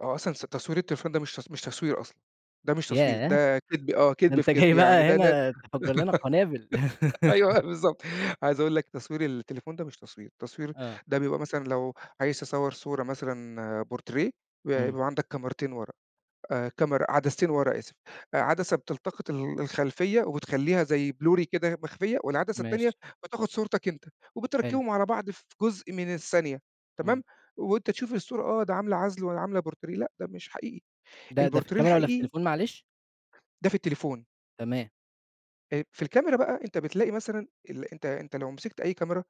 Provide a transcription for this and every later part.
آه أصلًا ص تصوير التليفون ده مش ت مش تصوير أصلًا، ده مش تصوير ياه! ده كدب، آه ده كدب في أنت كدب، جاي يعني بقى ده لا هنا تفجَّر لنا قنابل. أيوه بالضبط عايز أقول لك تصوير التليفون ده مش تصوير، تصوير آه. ده بيبقى مثلًا لو عايز تصور صورة مثلًا بورتريه إمم. بيبقى عندك كاميرتين ورا، كاميرا عدستين ورا آسف، عدسة بتلتقط ال الخلفية وبتخلّيها زي بلوري كده مخفية، والعدسة التانية ماشي. بتاخد صورتك أنت، حلو. وبتركّبهم على بعض في جزء من الثانية، إمم. تمام؟ وأنت تشوف الصورة آه ده عاملة عزل والّا عاملة بورتريه، لأ ده مش حقيقي ده ده في البورتريه الكاميرا والّا في الحقيقي التليفون معلش؟ ده في التليفون. تمام. أ في الكاميرا بقى أنت بتلاقي مثلًا ال أنت أنت لو مسكت أي كاميرا،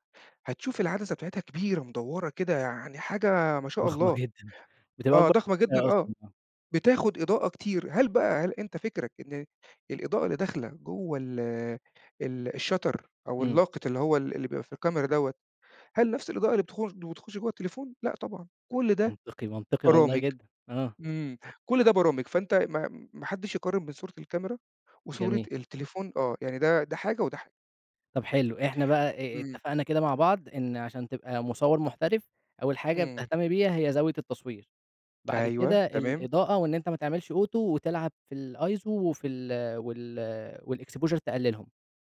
هتشوف العدسة بتاعتها كبيرة مدوّرة كده يعني حاجة ما شاء ضخمة الله، جدّا، بتبقى آه أكبر ضخمة جدًا [unintelligible] آه، أصلًا آه. بتاخد إضاءة كتير، هل بقى هل أنت فكرك إن الإضاءة اللي داخلة جوا ال ال الshutter أو إمم. اللاقط اللي هو ال اللي بيبقى في الكاميرا دوّة، هل نفْس الإضاءة اللي بتخ بتخش جوّه التليفون؟ لأ طبعًا، كلّ ده منطقي، منطقي والله برامج، جدًا، آه. إمم، كلّ ده برامج، فأنت ما ما حدّش يقارن من صورة الكاميرا وصورة جميل. التليفون آه يعني ده ده حاجة وده حاجة. طب حلو إحنا بقى أ أ إمم. اتفقنا كده مع بعض، إن عشان تبقى مصوّر محترف، أول حاجة إمم. بتهتم بيها هي زاوية التصوير، بعد أيوه، كده تمام. الإضاءة وإن أنت ما تعملش Auto وتلعب في الiso وفي ال وال والexposure تقلّلهم،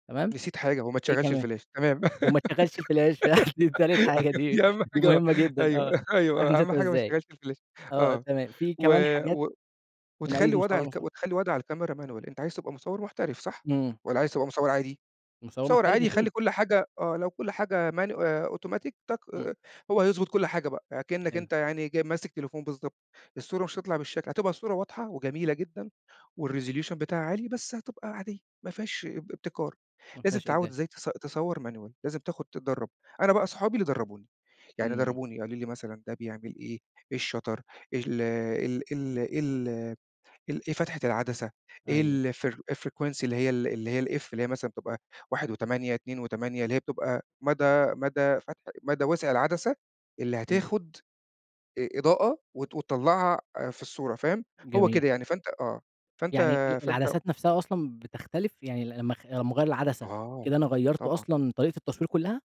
تمام، نسيت حاجة وما إيه تشغلش كمان؟ الفلاش تمام، وما تشغلش الفلاش دي تالت حاجة أيوه دي دي أهم دي حاجة مهمة جدًا آه، مش أيوه، عارف أيوه أهم نسيتها حاجة ما إزاي، تشغلش الفلاش، آه آه، تمام في و كمان حاجات و تميّز وتخلّي وضع المصوّر عن الك مصوّر؟ وتخلّي وضع الكاميرا manual أنت عايز تبقى مصوّر محترف صح؟ إمم. والّا عايز تبقى مصوّر عادي؟ مصوّر مصوّر محترف عادي خلّي أكيد. كلّ حاجة، آه لو كلّ حاجة ماني آآ أوتوماتيك تك إمم. هو هيضبط كلّ حاجة بقى، يعني كإنك حلو. أنت يعني جاي ماسك تليفون بالضبط، الصورة مش هتطلع بالشكل هتبقى الصورة واضحة وجميلة جدًا والresolution بتاعها عالي، بس هتبقى عادية ما فيهاش ابتكار، ما لازم فيهاش تتعوّد إبداع. إزاي تص تصوّر manual لازم تاخد تدرّب، أنا بقى أصحابي اللي درّبوني، يعني إمم. درّبوني قالوا لي مثلًا ده بيعمل إيه، إيه الshutter ال ال إيه ال ال إيه ال إيه فتحة العدسة إيه أيوه. ال فر الfrequency اللي هي ال اللي هي الF اللي هي مثلًا بتبقى 1.8، 2.8 اللي هي بتبقى مدى مدى فتح مدى وسع العدسة، اللي إمم. هتاخد إ إضاءة وت وتطلّعها في الصورة فاهم؟ هو جميل. كده يعني فأنت آه، فأنت يعني ال فأنت العدسات نفْسها أصلًا بتختلف؟ يعني لمّا خ لمّاأغيّر العدسة، آه كده أنا غيّرت طبعًا. أصلًا طريقة التصوير كلّها؟